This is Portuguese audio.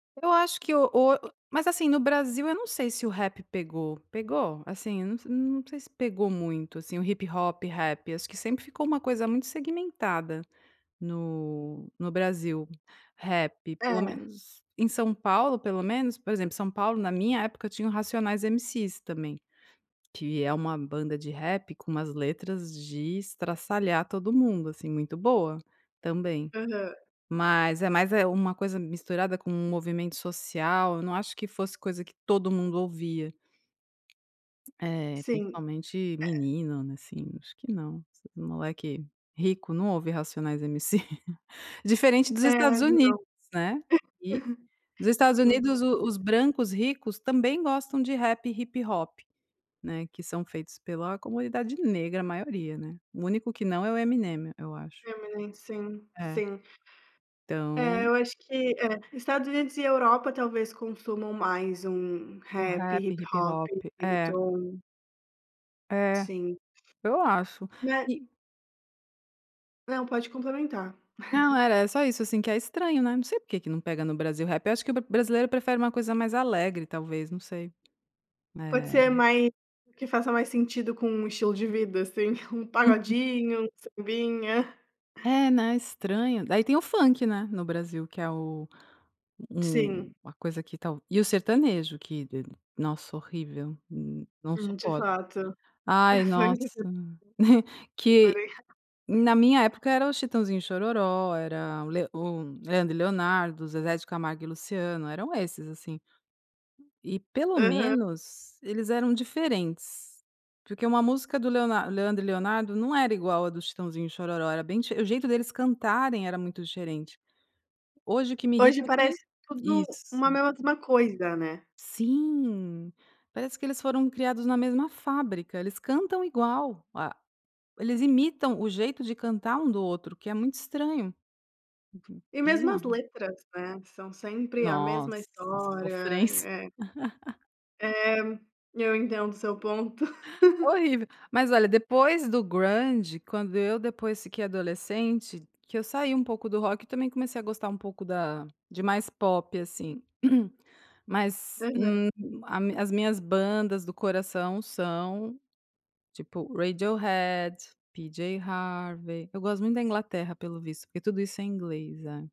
Eu acho que o o mas, assim, no Brasil eu não sei se o rap pegou, pegou? Assim eu não sei se pegou muito, assim, o hip hop, rap acho que sempre ficou uma coisa muito segmentada, no no Brasil, rap pelo Hã. menos, em São Paulo pelo menos, por exemplo São Paulo na minha época eu tinha o Racionais MC's também, que é uma banda de rap com umas letras de estraçalhar todo mundo, assim, muito boa, também. Aham. Mas é mais, é uma coisa misturada com um movimento social, eu não acho que fosse coisa que todo mundo ouvia. É, Sim, principalmente é. menino, né, assim acho que não, esses moleque rico não ouve Racionais MC, diferente dos É, Estados Unidos, não, né, e, nos Estados sim, com Unidos o os certeza. brancos ricos também gostam de rap e hip-hop, né, que são feitos pela comunidade negra a maioria, né, o único que não é o Eminem eu acho. Eminem sim, É. sim. É, Então eu acho que é, Estados Unidos e Europa talvez consumam mais um O rap, rap, hip-hop, hip-hop é. reggaeton. É, Sim. eu acho É e Não, pode complementar. Não era é só isso assim que é estranho, né, não sei porque que não pega no Brasil rap, eu acho que o bra brasileiro prefere uma coisa mais alegre talvez não sei, Pode é ser mais que faça mais sentido com um estilo de vida assim, um Uhum. pagodinho, um sambinha. É, né, estranho, daí tem o funk, né, no Brasil que é o um Sim. a coisa que tal e o sertanejo que de nossa horrível, não Uhum, de suporto. fato. Ai nossa, que [unintelligible] na minha época era os Chitãozinho& Xororó, era o Le o Leandro e Leonardo, Zezé de Camargo e Luciano eram esses assim. E pelo Aham. menos eles eram diferentes, porque uma música do Leonardo Leandro e Leonardo não era igual a do Chitãozinho xororó era bem dife o jeito deles cantarem era muito diferente. Hoje o que me Hoje irrita é que parece tudo uma isso. mesma coisa, né. Sim, parece que eles foram criados na mesma fábrica, eles cantam igual, a eles imitam o jeito de cantar um do outro o que é muito estranho. Uhum. E mesmo as Bizarro. letras, né, são sempre a mesma Nossa história, sofrência. é. É, eu entendo seu ponto. Horrível, mas olha depois do grande quando eu depois fiquei adolescente que eu saí um pouco do rock e também comecei a gostar um pouco da de mais pop assim, mas, Aham. hum, a as minhas bandas do coração são tipo Radiohead, Pj Harvey, eu gosto muito da Inglaterra pelo visto, porque tudo isso é inglês, é.